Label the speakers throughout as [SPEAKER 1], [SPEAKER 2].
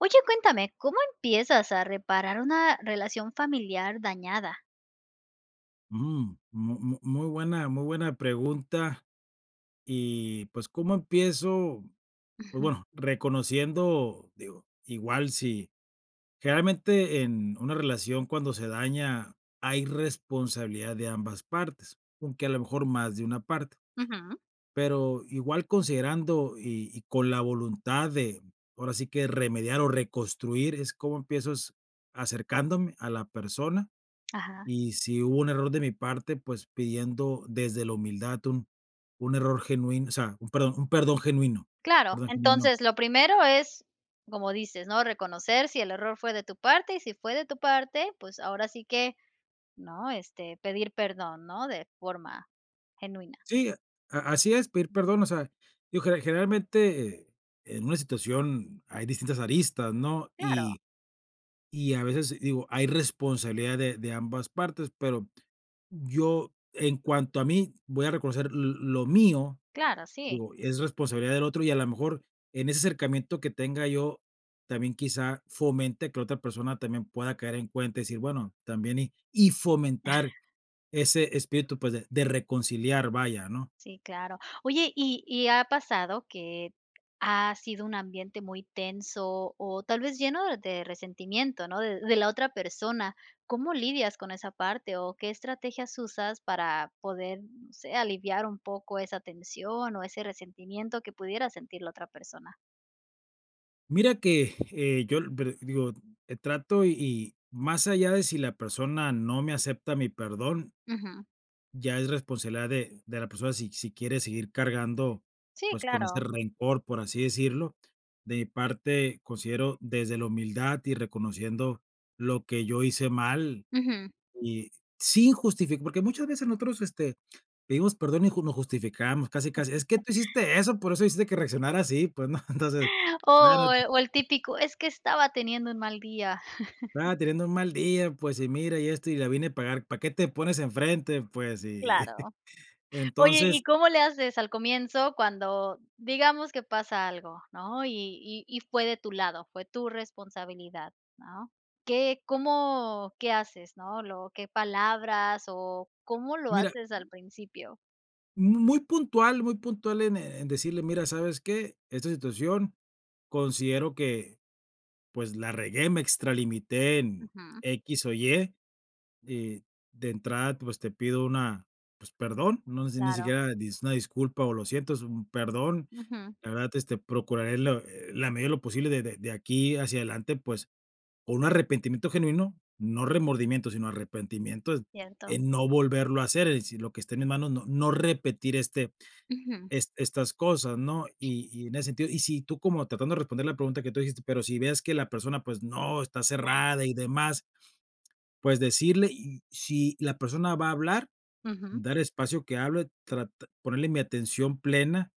[SPEAKER 1] Oye, cuéntame, ¿cómo empiezas a reparar, una relación familiar, dañada?
[SPEAKER 2] Mm. Mu mu muy buena muy buena pregunta. Y, pues, ¿cómo empiezo? Pues,
[SPEAKER 1] Ujú.
[SPEAKER 2] bueno, reconociendo Digo igual si Generalmente, en una relación, cuando se daña, hay responsabilidad de ambas partes, aunque a lo mejor más de una parte.
[SPEAKER 1] Ujú.
[SPEAKER 2] Pero igual, considerando, y y con la voluntad de ahora sí que remediar o reconstruir, es ¿Cómo empiezas? Acercándome a la persona.
[SPEAKER 1] Ajá.
[SPEAKER 2] Y si hubo un error de mi parte, pues, pidiendo desde la humildad, un un error genuino. O sea, un perdón un perdón genuino.
[SPEAKER 1] Claro,
[SPEAKER 2] Perdón genuino.
[SPEAKER 1] entonces lo primero es como dices, ¿no? Reconocer, si el error fue de tu parte. Y si fue de tu parte, pues ahora sí que ¿no? Este, pedir perdón, ¿no?, de forma genuina.
[SPEAKER 2] Sí, a así es, pedir perdón. O sea, yo, ge generalmente, en una situación, hay distintas aristas, ¿no?
[SPEAKER 1] Claro.
[SPEAKER 2] Y y a veces, digo, hay responsabilidad de de ambas partes, pero yo, en cuanto a mí, voy a reconocer l lo mío.
[SPEAKER 1] Claro, sí.
[SPEAKER 2] Digo, es responsabilidad del otro, y a la mejor, en ese acercamiento, que tenga yo, también, quizá fomente que la otra persona también pueda caer en cuenta y decir: "Bueno, también y". Y fomentar ese espíritu, pues, de de reconciliar, vaya, ¿no?
[SPEAKER 1] Sí, claro. Oye, y y ha pasado que ha sido un ambiente muy tenso, o tal vez lleno de resentimiento, ¿no?, de de la otra persona. ¿Cómo lidias con esa parte? O, ¿qué estrategias usas para poder no sé. Aliviar un poco esa tensión o ese resentimiento que pudiera sentir la otra persona?
[SPEAKER 2] Mira que, eh, yo lo pero digo, eh, trato y más allá de si la persona no me acepta mi perdón
[SPEAKER 1] Ujú.
[SPEAKER 2] ya es responsabilidad de de la persona si si quiere seguir cargando,
[SPEAKER 1] Sí,
[SPEAKER 2] pues, con este
[SPEAKER 1] claro.
[SPEAKER 2] rencor, por así decirlo. De mi parte considero desde la humildad y reconociendo lo que yo hice mal,
[SPEAKER 1] Ujú.
[SPEAKER 2] y sin justifi porque muchas veces nosotros este, pedimos perdón y no nos justificamos casi, casi es que: "Tú hiciste eso, por eso hiciste que reaccionara así, pues". ¿No? Entonces,
[SPEAKER 1] O o el
[SPEAKER 2] [unintelligible]
[SPEAKER 1] típico: "Es que estaba teniendo un mal día".
[SPEAKER 2] "Claro, teniendo un mal día, pues, y mira, y esto, y la vine a pagar." ¿Para qué te pones en frente, pues?Y
[SPEAKER 1] Claro. Oye,
[SPEAKER 2] entonces
[SPEAKER 1] y, ¿cómo le haces al comienzo cuando? Digamos que pasa algo, ¿no? Y y y fue de tu lado. Fue tu responsabilidad, ¿no? ¿Qué cómo qué haces, no? Lo ¿Qué palabras o cómo lo
[SPEAKER 2] Mira
[SPEAKER 1] haces al principio?
[SPEAKER 2] Mu muy puntual, muy puntual en, eh, en decirle: "Mira, ¿sabes qué?, esta situación considero que, pues, la regué, me extralimité en
[SPEAKER 1] Ujú.
[SPEAKER 2] equis o ye, y, de entrada, pues, te pido una pues, perdón, no sé si ni
[SPEAKER 1] Claro.
[SPEAKER 2] siquiera es una disculpa o lo siento, es un perdón,
[SPEAKER 1] Ujú.
[SPEAKER 2] la verdad, este, procuraré la eh, en la medida de lo posible de de de aquí hacia adelante, pues", o un arrepentimiento genuino, no remordimiento, sino arrepentimiento,
[SPEAKER 1] Cierto.
[SPEAKER 2] en no volverlo a hacer, es decir, lo que esté en mis manos, no no repetir este
[SPEAKER 1] Ujú.
[SPEAKER 2] este estas cosas, ¿no? Y y en ese sentido y si tú como Tratando de responder la pregunta que tú dijiste, pero si veas que la persona pues, no, está cerrada y demás, pues, decirle, y, si la persona va a hablar,
[SPEAKER 1] Ujú.
[SPEAKER 2] dar espacio que hable, trat ponerle mi atención plena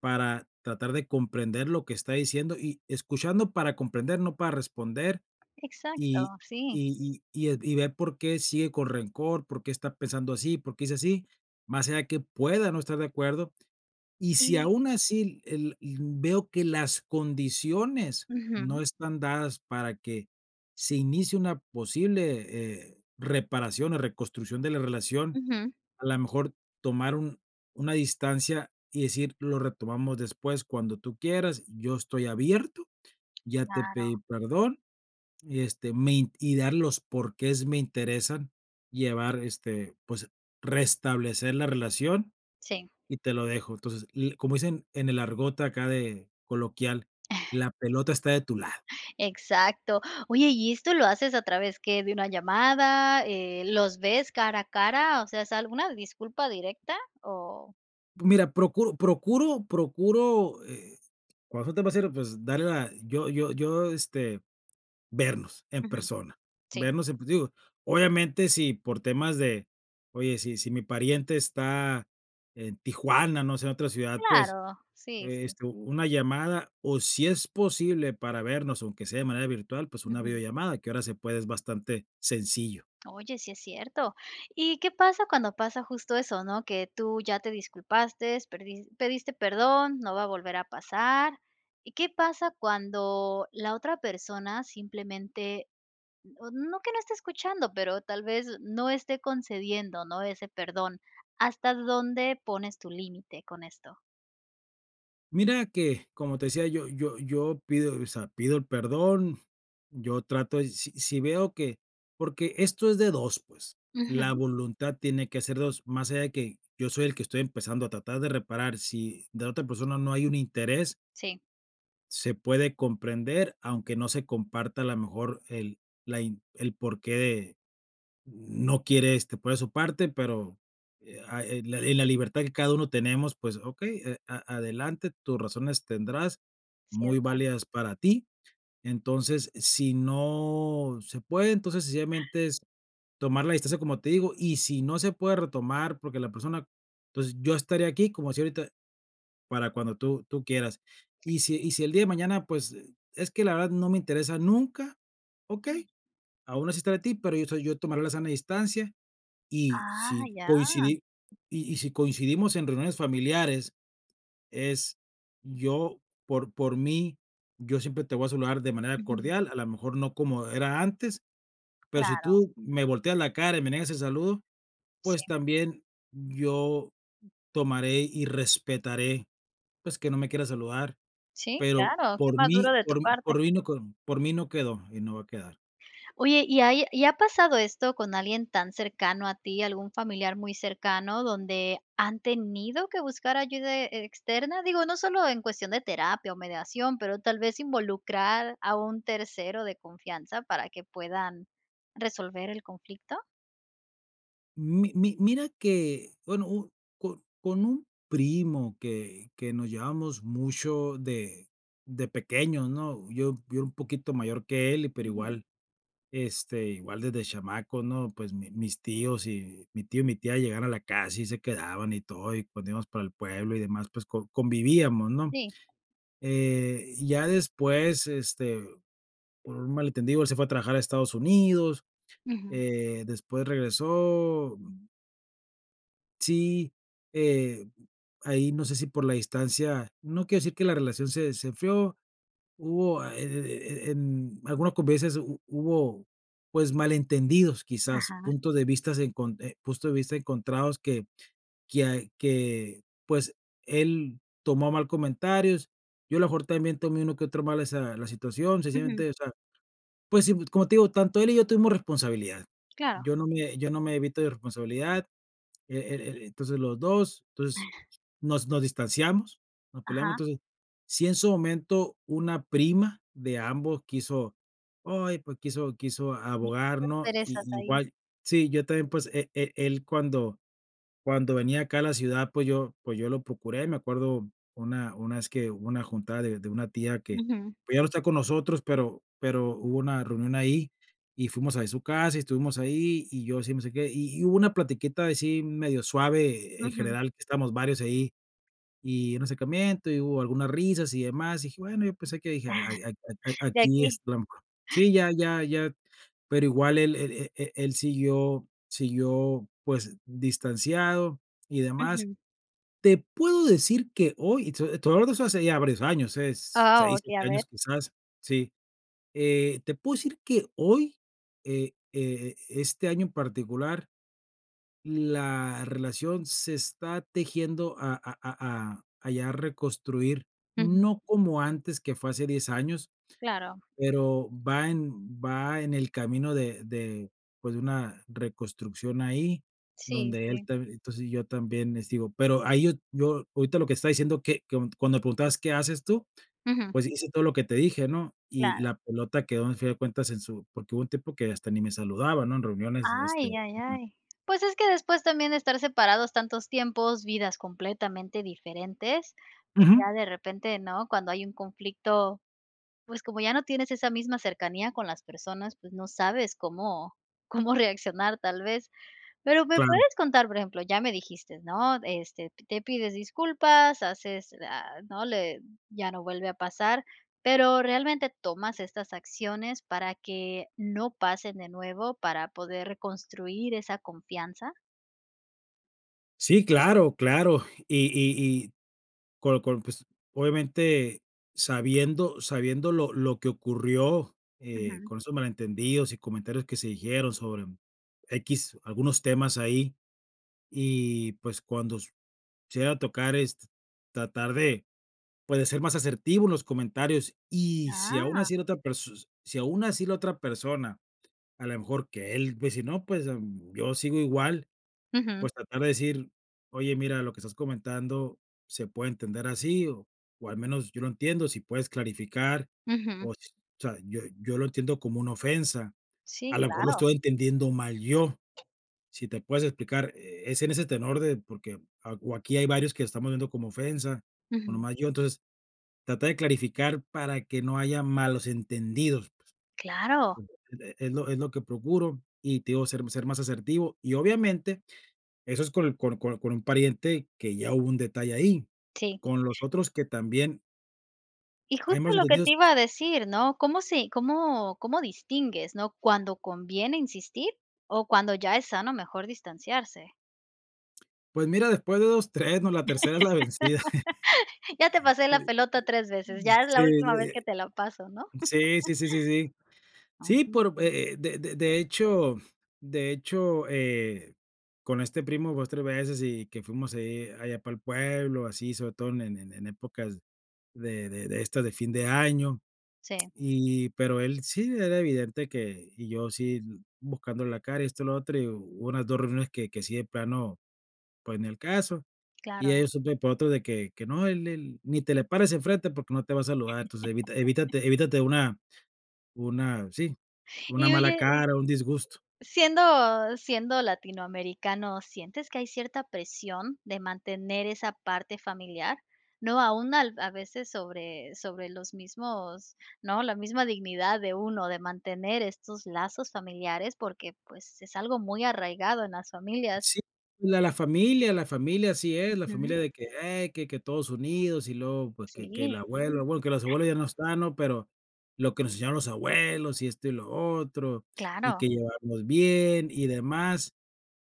[SPEAKER 2] para, tratar de comprender lo que está diciendo y escuchando para comprender, no para responder.
[SPEAKER 1] Exacto,
[SPEAKER 2] Y
[SPEAKER 1] sí.
[SPEAKER 2] y y y y e ver por qué sigue con rencor. Por qué está pensando así. Por qué es así, más allá que pueda no estar de acuerdo. Y si
[SPEAKER 1] Sí.
[SPEAKER 2] aun así el el veo que las condiciones no
[SPEAKER 1] Ujú.
[SPEAKER 2] están dadas para que, se inicie una posible, eh, reparación o reconstrucción de la relación,
[SPEAKER 1] Ujú.
[SPEAKER 2] a la mejor tomar un una distancia y decir: "Lo retomamos después cuando tú quieras, yo estoy abierto, ya te
[SPEAKER 1] Claro.
[SPEAKER 2] pedí perdón, y este me y darle los por qués me interesan llevar, este, pues restablecer la relación
[SPEAKER 1] Sí.
[SPEAKER 2] y te lo dejo". Entonces, le y como dicen en el argot acá de coloquial, la pelota está de tu lado.
[SPEAKER 1] Exacto. Oye, ¿y esto lo haces a través qué de una llamada? Eh, ¿Los ves cara a cara? O sea, ¿es alguna disculpa directa o? [unintelligible]
[SPEAKER 2] Mira, procu procuro procuro, eh, cuando, [unintelligible] pues, darle la yo yo yo, este, vernos, en
[SPEAKER 1] Ujú.
[SPEAKER 2] persona,
[SPEAKER 1] Sí.
[SPEAKER 2] vernos en pues digo, obviamente, si por temas de oye, si si mi pariente está en Tijuana, no sé, en otra ciudad, pues,
[SPEAKER 1] Claro, sí, sí.
[SPEAKER 2] esto una llamada o si es posible para vernos, aunque sea de manera virtual, pues, una
[SPEAKER 1] Ujú.
[SPEAKER 2] videollamada que ahora se puede, es bastante sencillo.
[SPEAKER 1] Oye, sí es cierto. ¿Y qué pasa cuando pasa justo eso, no? Que tú ya te disculpaste, perdi pediste perdón: "No va a volver a pasar". ¿Y qué pasa cuando, la otra persona simplemente, mm, no que no esté escuchando, pero tal vez no esté concediendo, no? Ese perdón. ¿Hasta dónde pones tu límite con esto?
[SPEAKER 2] Mira que, como te decía, yo yo yo pido, o sea, pido el perdón, yo trato de si-sí veo que porque esto es de 2, pues, la
[SPEAKER 1] Ujú.
[SPEAKER 2] voluntad tiene que ser de 2, más allá de que yo soy el que estoy empezando a tratar de reparar, si de la otra persona no hay un interés
[SPEAKER 1] Sí.
[SPEAKER 2] se puede comprender, aunque no se comparta, a lo mejor el la in el porqué no quiere este poner de su parte, pero, eh ah eh ah, la li la libertad que cada uno tenemos, pues, okey, eh, a adelante, tus razones tendrás, muy
[SPEAKER 1] Cierto.
[SPEAKER 2] válidas para ti. Entonces, si no se puede, entonces, sencillamente, es tomar la distancia, como te digo y, si no se puede retomar, porque la persona entonces, yo estaré aquí, como así ahorita, para cuando tú tú quieras. Y si y si el día de mañana, pues es que la verdad no me interesa nunca, okey. Aun así estaré para ti, pero yo soy yo tomaré la sana distancia, y si
[SPEAKER 1] Ay, ya.
[SPEAKER 2] coincidi y y si coincidimos en reuniones familiares, es yo por por mí, yo siempre te voy a saludar de manera
[SPEAKER 1] Ujú.
[SPEAKER 2] cordial, a la mejor no como era antes, pero si
[SPEAKER 1] Claro.
[SPEAKER 2] tú me volteas la cara y me niegas el saludo, pues,
[SPEAKER 1] Sí.
[SPEAKER 2] también yo tomaré y respetaré, pues, que no me quiera saludar,
[SPEAKER 1] Sí,
[SPEAKER 2] pero
[SPEAKER 1] claro, qué
[SPEAKER 2] por
[SPEAKER 1] maduro
[SPEAKER 2] mí
[SPEAKER 1] de tu
[SPEAKER 2] por
[SPEAKER 1] parte.
[SPEAKER 2] por mí no con por mí no quedó y no va a quedar.
[SPEAKER 1] Oye, ¿y ahí y ha pasado esto con alguien tan cercano a ti, algún familiar muy cercano donde han tenido que buscar ayuda e externa? Digo, no solo en cuestión de terapia o mediación, pero tal vez ¿involucrar a un tercero de confianza para que puedan resolver el conflicto?
[SPEAKER 2] Mi mi mira que, bueno, u co con un primo que que nos llevábamos mucho de de pequeños, ¿no? Yo yo era un poquito mayor que él, pero
[SPEAKER 1] Ujú.
[SPEAKER 2] igual, este, igual desde chamaco, ¿no? Pues mi mis tíos, mi tío y mi tía llegaban a la casa y se quedaban y todo, y pues nos íbamos para el pueblo y demás, pues, co convivíamos, ¿no?
[SPEAKER 1] Sí.
[SPEAKER 2] Eh, y ya después, este, por un mal entendido, él se fue a trabajar a Estados Unidos,
[SPEAKER 1] Ujú.
[SPEAKER 2] eh, después regresó, mm. Sí, eh, ahí no sé si por la distancia, no quiero decir que la relación se se enfrió, hubo e e e en algunas convivencias hu hubo, pues, malentendidos quizás,
[SPEAKER 1] Ajá.
[SPEAKER 2] puntos de vista enconte puntos de vista encontrados que, quia que, pues, él tomó a mal comentarios, yo a lo mejor también tomé uno que otro mal esa la situación,
[SPEAKER 1] Ujú.
[SPEAKER 2] sencillamente, o sea, pues, si como te digo, tanto él y yo tuvimos responsabilidad.
[SPEAKER 1] Claro.
[SPEAKER 2] Yo no me yo no me evito de responsabilidad, e e e entonces los dos, entonces
[SPEAKER 1] Para.
[SPEAKER 2] nos, nos distanciamos, nos peleamos,
[SPEAKER 1] Ajá.
[SPEAKER 2] entonces, si en su momento una prima de ambos quiso, oye pues quiso quiso
[SPEAKER 1] [unintelligible]
[SPEAKER 2] abogar, ¿no?
[SPEAKER 1] Perezas
[SPEAKER 2] Y
[SPEAKER 1] ahí.
[SPEAKER 2] igual. Sí, yo también pues, e e él cuando cuando venía acá a la ciudad pues yo pues yo lo procuré, me acuerdo una una vez que hubo una juntada de de una tía que,
[SPEAKER 1] Ujú.
[SPEAKER 2] pues ya no está con nosotros, pero, pero hubo una reunión ahí y fuimos ahí a su casa y estuvimos ahí y yo si me acerqué, y y hubo una platiquita así medio suave eh, en
[SPEAKER 1] Ujú.
[SPEAKER 2] general que estábamos varios ahí, y un acercamiento, y hubo algunas risas y demás, y dije: "Bueno". Yo pensé que dije: "Ay a a
[SPEAKER 1] De
[SPEAKER 2] aquí es
[SPEAKER 1] aquí.
[SPEAKER 2] trampa". Sí, ya ya ya, pero igual el, e e él siguió siguió, pues, distanciado y demás.
[SPEAKER 1] Ujú.
[SPEAKER 2] Te puedo decir que hoy, y te te voy hablar de hace ya varios años, es,
[SPEAKER 1] Ah,
[SPEAKER 2] seis,
[SPEAKER 1] okey, a
[SPEAKER 2] siete
[SPEAKER 1] ver.
[SPEAKER 2] años quizás. Sí. Eh, te puedo decir que hoy e e este año en particular la relación se está tejiendo a a a a ya reconstruir,
[SPEAKER 1] Ujú.
[SPEAKER 2] no como antes que fue hace 10 años.
[SPEAKER 1] Claro.
[SPEAKER 2] Pero va en va en el camino de de, pues, de una reconstrucción ahí,
[SPEAKER 1] Sí,
[SPEAKER 2] donde él
[SPEAKER 1] sí.
[SPEAKER 2] te entonces, yo también este digo, pero ahí yo yo ahorita lo que estaba diciendo que co cuando preguntabas: "¿Qué haces tú?".
[SPEAKER 1] Ujú.
[SPEAKER 2] Pues hice todo lo que te dije, ¿no? Y
[SPEAKER 1] Claro.
[SPEAKER 2] la pelota quedó al fin de cuentas en su porque hubo un tiempo que hasta ni me saludaba, ¿no? En reuniones, este
[SPEAKER 1] Ay, ay,
[SPEAKER 2] ujú.
[SPEAKER 1] ay. Pues es que después también de estar separados tantos tiempos, vidas completamente diferentes, pues
[SPEAKER 2] Ujú.
[SPEAKER 1] ya de repente, ¿no? Cuando hay un conflicto, pues, como ya no tienes esa misma cercanía con las personas, pues, no sabes cómo, cómo reaccionar tal vez. Pero me
[SPEAKER 2] Claro.
[SPEAKER 1] puedes contar, por ejemplo, ya me dijiste, ¿no? Este, te pides disculpas haces, a ¿no? Le ya no vuelve a pasar, pero ¿realmente tomas estas acciones para que no pasen de nuevo, para poder reconstruir esa confianza?
[SPEAKER 2] Sí, claro, claro. Y y y con con, pues obviamente, sabiendo sabiendo lo lo que ocurrió, eh,
[SPEAKER 1] Ujú.
[SPEAKER 2] con esos malentendidos y comentarios que se dijeron sobre equis, algunos temas ahí, y, pues, cuando s se llega a tocar es t tratar de, pues de ser más asertivo en los comentarios y si aún
[SPEAKER 1] Ah.
[SPEAKER 2] así la otra pers si aún así la otra persona a la mejor que él dice: "No pues, em, yo sigo igual",
[SPEAKER 1] Ujú.
[SPEAKER 2] pues tratar de decir: "Oye, mira, lo que estás comentando se puede entender así o o al menos yo lo entiendo, si puedes clarificar,
[SPEAKER 1] Ujú.
[SPEAKER 2] o sea, yo yo lo entiendo como una ofensa, a
[SPEAKER 1] Sí,
[SPEAKER 2] la mejor lo
[SPEAKER 1] claro.
[SPEAKER 2] estoy entendiendo mal yo, si te puedes explicar, eh, es en ese tenor de porque, ah o aquí hay varios que lo estamos viendo como ofensa, o
[SPEAKER 1] Ujú.
[SPEAKER 2] nomás yo, entonces, trata de clarificar para que no haya malos entendidos",,
[SPEAKER 1] Claro.
[SPEAKER 2] [unintelligible] e es lo es lo que procuro, y te digo, ser ser más asertivo, y obviamente, eso es con con con un pariente que ya hubo un detalle ahí,
[SPEAKER 1] Sí.
[SPEAKER 2] con los otros que también
[SPEAKER 1] Y
[SPEAKER 2] hay más
[SPEAKER 1] justo lo que
[SPEAKER 2] entendidos
[SPEAKER 1] te iba a decir, ¿no? ¿Cómo se cómo cómo distingues, no, cuando conviene insistir o cuando ya es sano mejor distanciarse?
[SPEAKER 2] Pues mira, después de 2 3 ¿no?, la tercera es la vencida.
[SPEAKER 1] Ya te pasé
[SPEAKER 2] Sí,
[SPEAKER 1] la pelota 3 veces,
[SPEAKER 2] sí,
[SPEAKER 1] ya
[SPEAKER 2] sí.
[SPEAKER 1] es
[SPEAKER 2] Sí,
[SPEAKER 1] la última vez que
[SPEAKER 2] eh.
[SPEAKER 1] te la paso, ¿no?
[SPEAKER 2] Sí, sí, sí, sí, sí. Sí, por eh eh, de de de hecho de hecho, eh, con este primo, 2 3 veces y que fuimos ahí, allá para el pueblo, así sobre todo en en épocas de de de esto de fin de año,
[SPEAKER 1] Sí.
[SPEAKER 2] y pero él sí era evidente que y yo sí buscándole la cara y esto lo otro y hubo unas 2 reuniones que que sí de plano pues ni al caso y
[SPEAKER 1] Claro.
[SPEAKER 2] ya supe por otro de que que no él él: "Ni te le pares enfrente porque no te va a saludar entonces evita, evítate evítate una una sí una
[SPEAKER 1] Y
[SPEAKER 2] mala
[SPEAKER 1] oye
[SPEAKER 2] cara, un disgusto".
[SPEAKER 1] siendo siendo latinoamericano, ¿sientes que hay cierta presión de mantener esa parte familiar? No aún al a veces sobre sobre los mismos ¿no?, la misma dignidad de uno, de mantener estos lazos familiares porque, pues, es algo muy arraigado en las familias.
[SPEAKER 2] Sí, la la familia la familia así es, la
[SPEAKER 1] Ujú.
[SPEAKER 2] familia de que: "Ey, que que todos unidos" y luego, pues, que que
[SPEAKER 1] Sí.
[SPEAKER 2] la abuela, bueno, que los abuelos ya no están, ¿no?, pero lo que nos enseñaron los abuelos y esto y lo otro, y que
[SPEAKER 1] Claro.
[SPEAKER 2] llevarnos bien y demás.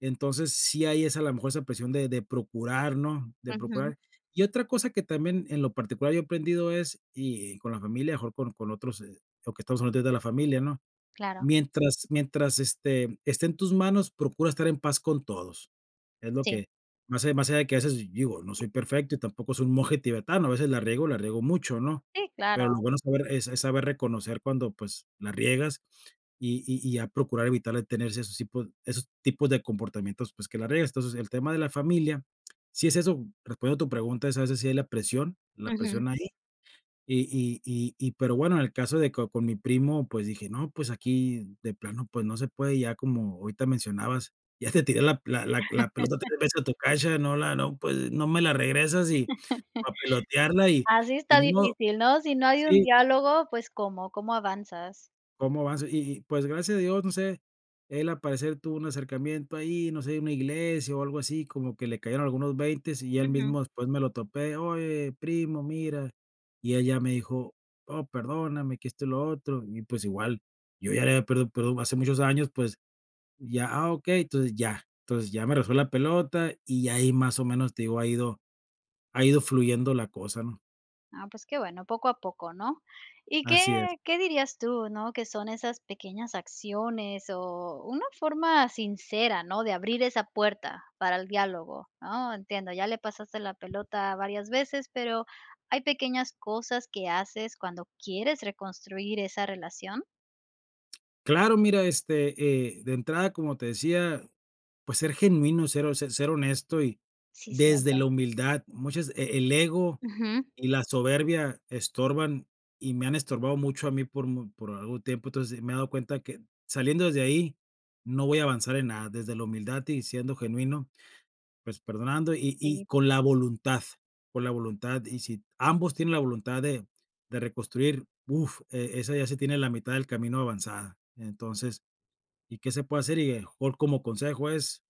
[SPEAKER 2] Entonces, sí hay esa a lo mejor esa presión de de procurar, ¿no?, de
[SPEAKER 1] Ujú.
[SPEAKER 2] procurar. Y otra cosa que también en lo particular yo he aprendido es y con la familia, mejor con con otros, o que estamos hablando de la familia, ¿no?,
[SPEAKER 1] Claro.
[SPEAKER 2] mientras mientras, este, esté en tus manos, procura estar en paz con todos. Es lo
[SPEAKER 1] Sí.
[SPEAKER 2] que más allá más allá de qué haces, digo, no soy perfecto y tampoco soy un monje tibetano, a veces la riego, la riego mucho, ¿no?,
[SPEAKER 1] Sí,
[SPEAKER 2] pero lo
[SPEAKER 1] claro.
[SPEAKER 2] bueno saber es saber reconocer cuando, pues, la riegas y y y a procurar evitarle de tener esos tipos esos tipos de comportamientos, pues, que la riegues. Entonces, el tema de la familia, si es eso, recuerdo tu pregunta, es así, a veces sí es la presión la
[SPEAKER 1] Ujú.
[SPEAKER 2] presión ahí, y y y y pero bueno, en el caso de que con mi primo, pues dije: "No, pues aquí de plano, pues, no se puede", ya como ahorita mencionabas, ya te tiré la la la la pelota 3 veces a tu cancha, no la no, pues, no me la regresas, y a pelotearla y
[SPEAKER 1] Así
[SPEAKER 2] y
[SPEAKER 1] está
[SPEAKER 2] ni modo.
[SPEAKER 1] difícil, ¿no?, si no hay un
[SPEAKER 2] Sí.
[SPEAKER 1] diálogo, pues, ¿cómo? ¿Cómo avanzas?
[SPEAKER 2] ¿Cómo vas? Y y y pues gracias a Dios, no sé, él al parecer tuvo un acercamiento ahí, no sé, una iglesia o algo así, como que le cayeron algunos veintes y él
[SPEAKER 1] Ujú.
[SPEAKER 2] mismo después me lo topé: "Oye primo, mira", y él ya me dijo: "Oh perdóname que esto y lo otro", y pues igual yo ya le había pedido perdón hace muchos años pues ya, "Ah, okey", entonces, ya entonces ya me regresó la pelota y ya ahí más o menos, te digo ha ido ha ido fluyendo la cosa, ¿no?
[SPEAKER 1] Ah, pues qué bueno, poco a poco, ¿no?, y qué
[SPEAKER 2] Así es.
[SPEAKER 1] qué dirías tú, ¿no?, que son esas pequeñas acciones o una forma sincera, ¿no?, de abrir esa puerta para el diálogo, ¿no?, entiendo, ya le pasaste la pelota varias veces, pero, ¿hay pequeñas cosas que haces cuando quieres reconstruir esa relación?
[SPEAKER 2] Claro, mira, este, eh, de entrada, como te decía, pues, ser genuino, ser ho ser honesto, y
[SPEAKER 1] Sí,
[SPEAKER 2] desde
[SPEAKER 1] cierto.
[SPEAKER 2] la humildad, muchas e e el ego
[SPEAKER 1] Ujú.
[SPEAKER 2] y la soberbia estorban y me han estorbado mucho a mí por mu por algún tiempo, entonces me he dado cuenta que saliendo desde ahí no voy a avanzar en nada, desde la humildad y siendo genuino, pues, perdonando y-y
[SPEAKER 1] Sí.
[SPEAKER 2] con la voluntad, con la voluntad, y si ambos tienen la voluntad de de reconstruir, uf, e esa ya se tiene la mitad del camino avanzada, entonces ¿y qué se puede hacer? Y a lo mejor como consejo es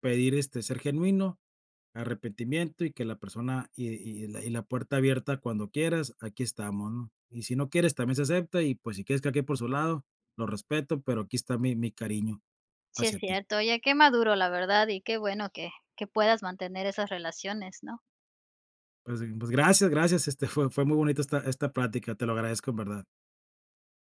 [SPEAKER 2] pedir, este, ser genuino, arrepentimiento y que la persona y y y la puerta abierta cuando quieras, aquí estamos, ¿no?, y si no quieres también se acepta y, pues, si quieres que cada quien por su lado, lo respeto, pero aquí está mi mi cariño,
[SPEAKER 1] Sí, es
[SPEAKER 2] hacia ti.
[SPEAKER 1] cierto, oye, qué maduro, la verdad, y qué bueno que que puedas mantener esas relaciones, ¿no?
[SPEAKER 2] Pues pues, gracias gracias, este, fue fue muy bonita esta esta plática, te lo agradezco en verdad.